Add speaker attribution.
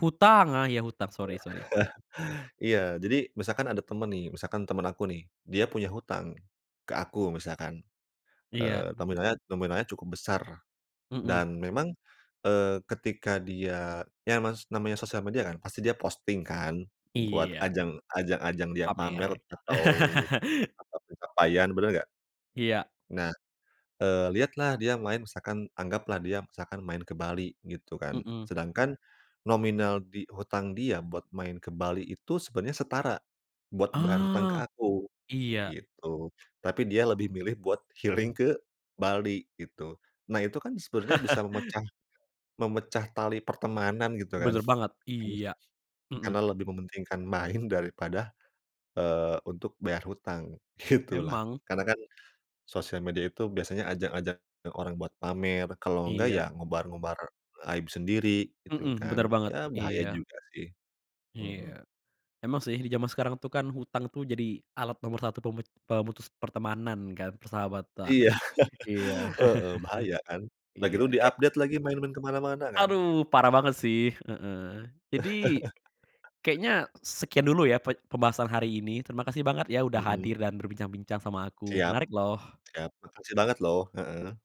Speaker 1: Hutang, ah, iya, hutang. Sorry sorry.
Speaker 2: Iya, jadi misalkan ada temen nih, misalkan temen aku nih. Dia punya hutang ke aku misalkan.
Speaker 1: Iya.
Speaker 2: Eee, nominalnya nominalnya cukup besar
Speaker 1: Hmm.
Speaker 2: dan memang, eee, ketika dia ya Mas namanya sosial media kan pasti dia posting kan buat
Speaker 1: Iya.
Speaker 2: ajang ajang-ajang dia pamer
Speaker 1: Pamer.
Speaker 2: atau [unintelligible] pencapaian benar enggak?
Speaker 1: Iya.
Speaker 2: Nah. Eee, lihatlah dia main misalkan anggaplah dia misalkan main ke Bali gitu kan,
Speaker 1: Hmm.
Speaker 2: sedangkan nominal di hutang dia buat main ke Bali itu sebenarnya setara buat bayar hutang ke
Speaker 1: Ah,
Speaker 2: aku,
Speaker 1: iya.
Speaker 2: gitu. Tapi dia lebih milih buat healing ke Bali, gitu. Nah, itu kan sebenarnya bisa memecah memecah tali pertemanan gitu kan,
Speaker 1: Benar banget, iya, hmm.
Speaker 2: karena lebih mementingkan main daripada, eee, untuk bayar hutang, gitu lah.
Speaker 1: Emang.
Speaker 2: Karena kan, sosial media itu biasanya ajang-ajang orang buat pamer kalau enggak
Speaker 1: Iya.
Speaker 2: ya ngobar-ngobar aib sendiri gitu
Speaker 1: Hmm, benar
Speaker 2: kan,
Speaker 1: banget,
Speaker 2: ya bahaya
Speaker 1: iya.
Speaker 2: juga sih, mhm.
Speaker 1: Iya. Emang sih di zaman sekarang tuh kan hutang tuh jadi alat nomor 1 pemet pemutus pertemanan kan, persahabatan.
Speaker 2: Iya,
Speaker 1: Iya,
Speaker 2: heeh, bahaya kan. Udah
Speaker 1: iya.
Speaker 2: gitu
Speaker 1: Ke
Speaker 2: di-update lagi main-main ke mana-mana kan.
Speaker 1: Aduh, parah banget sih heeh. Jadi kayaknya sekian dulu ya pe pembahasan hari ini. Terimakasih banget ya udah
Speaker 2: Hmm.
Speaker 1: hadir dan berbincang-bincang sama aku.
Speaker 2: Siap,
Speaker 1: Menarik loh.
Speaker 2: siap. Makasih banget, loh. Heeh.